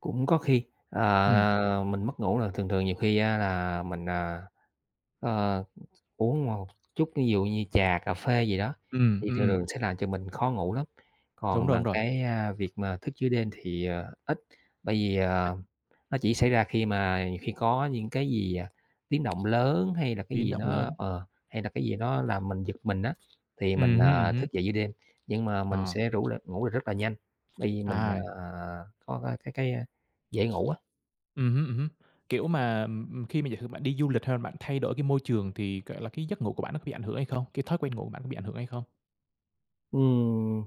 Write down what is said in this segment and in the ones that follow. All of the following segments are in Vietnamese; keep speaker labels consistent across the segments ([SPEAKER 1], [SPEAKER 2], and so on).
[SPEAKER 1] Cũng có khi,
[SPEAKER 2] Ừm.
[SPEAKER 1] à, mình mất ngủ là thường thường nhiều khi á là mình, à, ờ, th uống một chút thí dụ như trà cà phê gì đó,
[SPEAKER 2] Ừm,
[SPEAKER 1] thì thường
[SPEAKER 2] ừm.
[SPEAKER 1] thường sẽ làm cho mình khó ngủ lắm.
[SPEAKER 2] Đúng
[SPEAKER 1] Còn
[SPEAKER 2] rồi, đúng
[SPEAKER 1] mà
[SPEAKER 2] rồi.
[SPEAKER 1] cái, a, việc mà thức giữa đêm thì, à, ít, bởi vì, à,
[SPEAKER 2] [unintelligible]
[SPEAKER 1] nó chỉ xảy ra khi mà khi có những cái gì, à, tiếng động lớn, hay là cái
[SPEAKER 2] Biến
[SPEAKER 1] gì
[SPEAKER 2] động
[SPEAKER 1] nó
[SPEAKER 2] lớn.
[SPEAKER 1] ờ, hay là cái gì nó làm mình giật mình á, thì mình,
[SPEAKER 2] Ừm hưm, ừm
[SPEAKER 1] à,
[SPEAKER 2] hưm.
[SPEAKER 1] thức dậy giữa đêm. Nhưng mà mình
[SPEAKER 2] À.
[SPEAKER 1] sẽ rủ l ngủ lại rất là nhanh, bởi vì mình,
[SPEAKER 2] À.
[SPEAKER 1] à, có, a, cái cái, a, dễ ngủ á.
[SPEAKER 2] Ừm hứm, ừm hứm. Kiểu mà, ừm, ừm, khi mà giả sử bạn đi du lịch hay là bạn thay đổi cái môi trường thì, gọi là, cái giấc ngủ của bạn nó có bị ảnh hưởng hay không? Cái thói quen ngủ của bạn có bị ảnh hưởng hay không?
[SPEAKER 1] Ừm.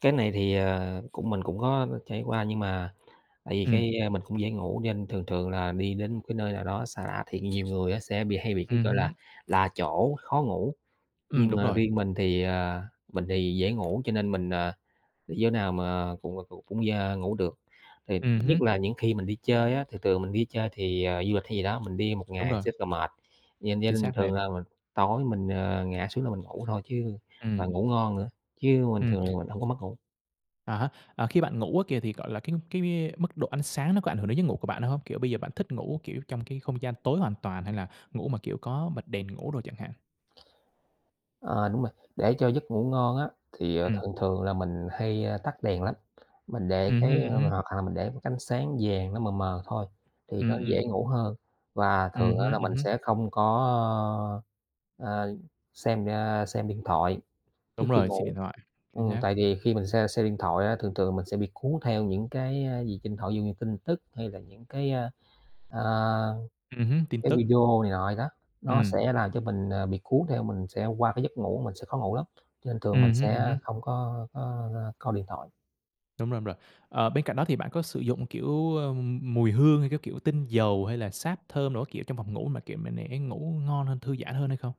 [SPEAKER 1] Cái này thì, à, cũng mình cũng có, ơ, trải qua, nhưng mà tại vì
[SPEAKER 2] Ừm.
[SPEAKER 1] cái, a, mình cũng dễ ngủ cho nên thường thường là đi đến một cái nơi nào đó xa lạ, thì nhiều người á sẽ bị hay bị cái
[SPEAKER 2] Ừm
[SPEAKER 1] gọi là
[SPEAKER 2] hứm.
[SPEAKER 1] lạ chỗ khó ngủ,
[SPEAKER 2] Ừm,
[SPEAKER 1] nhưng
[SPEAKER 2] đúng
[SPEAKER 1] mà
[SPEAKER 2] rồi!
[SPEAKER 1] riêng mình thì, à, mình thì dễ ngủ, cho nên mình, à, đi chỗ nào mà cũng, ờ, cũng d ngủ được. Thì
[SPEAKER 2] Ừm hứm.
[SPEAKER 1] nhất là những khi mình đi chơi á thì thường mình đi chơi thì, à, du lịch hay gì đó, mình đi một
[SPEAKER 2] Đúng
[SPEAKER 1] ngày
[SPEAKER 2] rồi!
[SPEAKER 1] sẽ rất là mệt, vậy
[SPEAKER 2] Chính
[SPEAKER 1] nên
[SPEAKER 2] xác,
[SPEAKER 1] thường
[SPEAKER 2] mệt.
[SPEAKER 1] là mình tối mình, ờ, ngã xuống là mình ngủ thôi chứ
[SPEAKER 2] Ừm.
[SPEAKER 1] và ngủ ngon nữa, chứ mình
[SPEAKER 2] Ừm.
[SPEAKER 1] thường là mình hổng có mất ngủ.
[SPEAKER 2] À há, à, khi bạn ngủ á kìa thì, gọi là, cái cái m mức độ ánh sáng nó có ảnh hưởng đến giấc ngủ của bạn hông? Kiểu bây giờ bạn thích ngủ, kiểu, trong cái không gian tối hoàn toàn, hay là ngủ mà, kiểu, có bật đèn ngủ đồ chẳng hạn?
[SPEAKER 1] Ờ, đúng rồi. Để cho giấc ngủ ngon á thì, ờ,
[SPEAKER 2] Ừm.
[SPEAKER 1] thường thường là mình hay, ơ, tắt đèn lắm, mình để
[SPEAKER 2] Ừm hưm,
[SPEAKER 1] cái,
[SPEAKER 2] ừm
[SPEAKER 1] ơ
[SPEAKER 2] hưm.
[SPEAKER 1] hoặc hà mình để một cái ánh sáng vàng nó mờ mờ thôi thì
[SPEAKER 2] Ừm,
[SPEAKER 1] nó dễ
[SPEAKER 2] ừm.
[SPEAKER 1] ngủ hơn và
[SPEAKER 2] Ừm
[SPEAKER 1] thường á
[SPEAKER 2] hưm,
[SPEAKER 1] là
[SPEAKER 2] ừm
[SPEAKER 1] mình
[SPEAKER 2] hưm.
[SPEAKER 1] sẽ không có, ơ, ờ, xem, a, xem, a, điện thoại trước
[SPEAKER 2] Đúng
[SPEAKER 1] khi
[SPEAKER 2] rồi. Xem
[SPEAKER 1] ngủ,
[SPEAKER 2] điện thoại. Chính
[SPEAKER 1] ừm,
[SPEAKER 2] xác.
[SPEAKER 1] tại vì khi mình xem xem điện thoại á, thường thường mình sẽ bị cuốn theo những cái, a, gì trên điện thoại. Ví dụ như tin tức hay là những cái, a, à,
[SPEAKER 2] Ừm hứm, tin
[SPEAKER 1] cái
[SPEAKER 2] tức.
[SPEAKER 1] video này nọ vậy đó, nó
[SPEAKER 2] Ừm.
[SPEAKER 1] sẽ làm cho mình, à, bị cuốn theo mình sẽ qua cái giấc ngủ mình sẽ khó ngủ lắm, cho nên thường
[SPEAKER 2] Ừm
[SPEAKER 1] mình
[SPEAKER 2] hưm,
[SPEAKER 1] sẽ,
[SPEAKER 2] ừm hưm.
[SPEAKER 1] a, không có có, a, coi điện thoại.
[SPEAKER 2] Đúng rồi, đúng rồi. Ờ, bên cạnh đó thì bạn có sử dụng, kiểu, ưm, mùi hương, hay cái, kiểu, tinh dầu, hay là sáp thơm đồ các kiểu trong phòng ngủ mà, kiểu, mà để thấy ngủ ngon hơn, thư giãn hơn hay không?